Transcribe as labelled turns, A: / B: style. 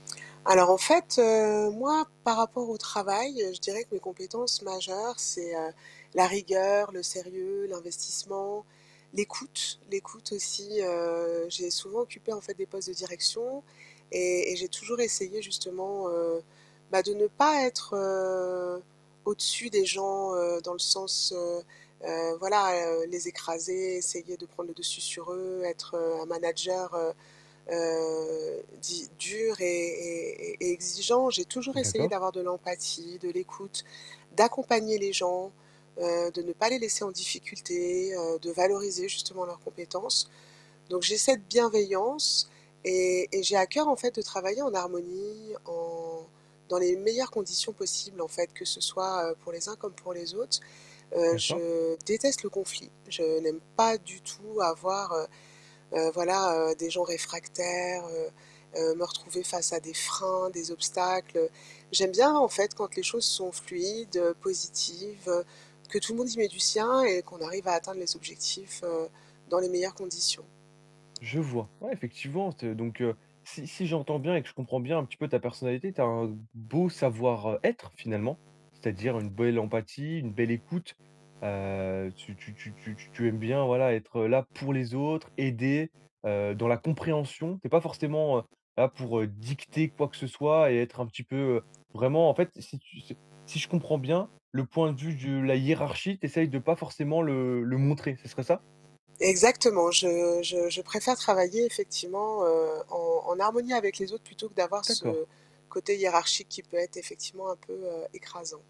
A: Alors en fait, heu, moi par rapport au travail, heu, je dirais que mes compétences majeures, c'est, heu, la rigueur, le sérieux, l'investissement, l'écoute, l'écoute aussi, heu, j'ai souvent occupé en fait des postes de direction et et j'ai toujours essayé justement, heu, bah, de ne pas être, heu, au-dessus des gens, heu, dans le sens, heu, heu, voilà, heu, les écraser, essayer de prendre le dessus sur eux, être, heu, un manager, heu, heu, dit dur et et et et exigeant, j'ai toujours essayé
B: D'accord.
A: d'avoir de l'empathie, de l'écoute, d'accompagner les gens, heu, de ne pas les laisser en difficulté, heu, de valoriser justement leurs compétences, donc j'ai cette bienveillance et et j'ai à cœur en fait de travailler en harmonie, en dans les meilleures conditions possibles en fait que ce soit, heu, pour les uns comme pour les autres. Heu,
B: D'accord.
A: je déteste le conflit, je n'aime pas du tout avoir, heu, heu, voilà, heu, des gens réfractaires, heu, heu, me retrouver face à des freins, des obstacles. J'aime bien en fait quand les choses sont fluides, heu, positives, heu, que tout le monde y met du sien et qu'on arrive à atteindre les objectifs, heu, dans les meilleures conditions.
B: Je vois. Ouais, effectivement, t donc heu, si si j'entends bien et que je comprends bien un petit peu ta personnalité, tu as un beau savoir, heu, être finalement, c'est-à-dire une belle empathie, une belle écoute. Heu, tu tu tu tu t tu aimes bien, voilà, être, heu, là pour les autres, aider, heu, dans la compréhension. Tu es pas forcément, heu, là pour, heu, dicter quoi que ce soit et être un petit peu, heu, vraiment en fait, si tu ce si je comprends bien, le point de vue de la hiérarchie, tu essayes de pas forcément le le montrer, ce serait ça?
A: Exactement, je je je préfère travailler effectivement, heu, en en harmonie avec les autres plutôt que d'avoir ce
B: D'accord.
A: côté hiérarchique qui peut être effectivement un peu, heu, écrasant.